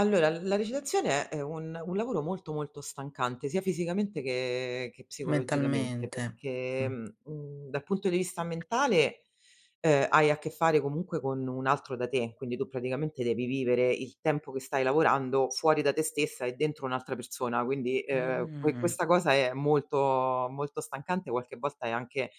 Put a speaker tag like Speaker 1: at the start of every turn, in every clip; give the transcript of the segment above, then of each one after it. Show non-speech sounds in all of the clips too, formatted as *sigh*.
Speaker 1: Allora l la recitazione è un un lavoro molto molto stancante, sia fisicamente che che psicologicamente,
Speaker 2: Mentalmente.
Speaker 1: perché
Speaker 2: Mh.
Speaker 1: mhmm, mhmm, dal punto di vista mentale, ehm, hai a che fare comunque con un altro da te, quindi tu praticamente devi vivere il tempo che stai lavorando fuori da te stessa e dentro un'altra persona. Quindi ehm que
Speaker 2: Mh-mh.
Speaker 1: questa cosa è molto molto stancante, qualche volta è anche,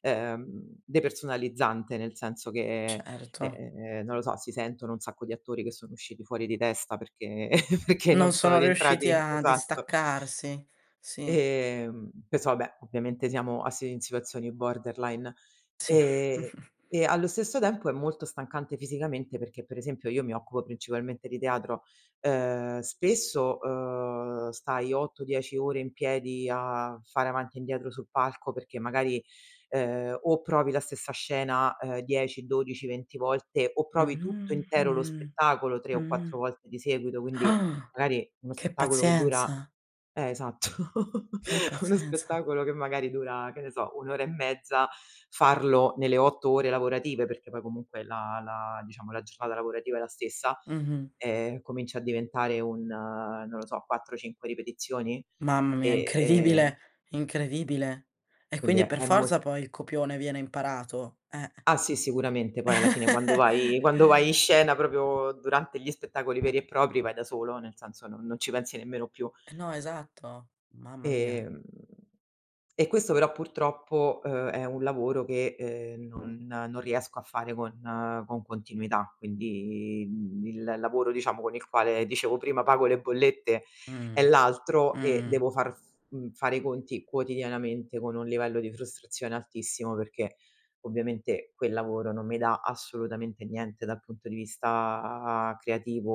Speaker 1: ehm, depersonalizzante, nel senso che,
Speaker 2: Certo.
Speaker 1: ehm, non lo so, si sentono un sacco di attori che sono usciti fuori di testa perché *chuckles* perché non
Speaker 2: Non
Speaker 1: sono
Speaker 2: sono riusciti
Speaker 1: rientrati
Speaker 2: a
Speaker 1: esatto.
Speaker 2: distaccarsi, sì.
Speaker 1: Ehm, questo vabbè, ovviamente siamo asi in situazioni borderline.
Speaker 2: Sì.
Speaker 1: Ehm,
Speaker 2: *chuckles*
Speaker 1: e allo stesso tempo è molto stancante fisicamente perché per esempio io mi occupo principalmente di teatro. Ehm spesso, uhm, stai 8-10 ore in piedi a fare avanti e indietro sul palco perché magari, ehm, o provi la stessa scena ehm, 10-12-20 volte o provi tutto
Speaker 2: Mh-mh,
Speaker 1: intero lo
Speaker 2: mh,
Speaker 1: spettacolo 3 o 4
Speaker 2: mh-mh,
Speaker 1: volte di seguito, quindi
Speaker 2: Ah!
Speaker 1: magari uno
Speaker 2: Che
Speaker 1: spettacolo che dura
Speaker 2: pazienza!
Speaker 1: eh esatto. *chuckles*
Speaker 2: Che
Speaker 1: Uno
Speaker 2: pazienza.
Speaker 1: spettacolo che magari dura, che ne so, 1 ora e mezza, farlo nelle 8 ore lavorative, perché poi comunque la la diciamo, la giornata lavorativa è la stessa,
Speaker 2: Mh-mh.
Speaker 1: ehm, comincia a diventare un, uhm, non lo so, 4-5 ripetizioni
Speaker 2: Mamma mia,
Speaker 1: e ehm
Speaker 2: incredibile incredibile. E
Speaker 1: Quindi
Speaker 2: quindi
Speaker 1: è
Speaker 2: per
Speaker 1: è
Speaker 2: forza
Speaker 1: mol
Speaker 2: poi il copione viene imparato eh.
Speaker 1: Ah sì, sicuramente poi alla fine quando
Speaker 2: *chuckles*
Speaker 1: vai quando vai in scena proprio durante gli spettacoli veri e propri vai da solo, nel senso non non ci pensi nemmeno più.
Speaker 2: Eh no, esatto. Mamma mia.
Speaker 1: Ehm, e questo però purtroppo, uhm, è un lavoro che, uhm, non non riesco a fare con con continuità, quindi mhmm, il lavoro diciamo con il quale dicevo prima pago le bollette è
Speaker 2: Mh.
Speaker 1: l'altro e
Speaker 2: Mh.
Speaker 1: devo far f mhmm, fare i conti quotidianamente con un livello di frustrazione altissimo, perché ovviamente quel lavoro non mi dà assolutamente niente dal punto di vista creativo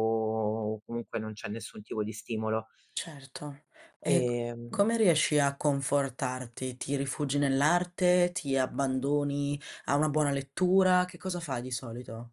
Speaker 1: o comunque non c'è nessun tipo di stimolo.
Speaker 2: Certo. E c
Speaker 1: Ehm
Speaker 2: come riesci a confortarti? Ti rifugi nell'arte, ti abbandoni a una buona lettura? Che cosa fai di solito?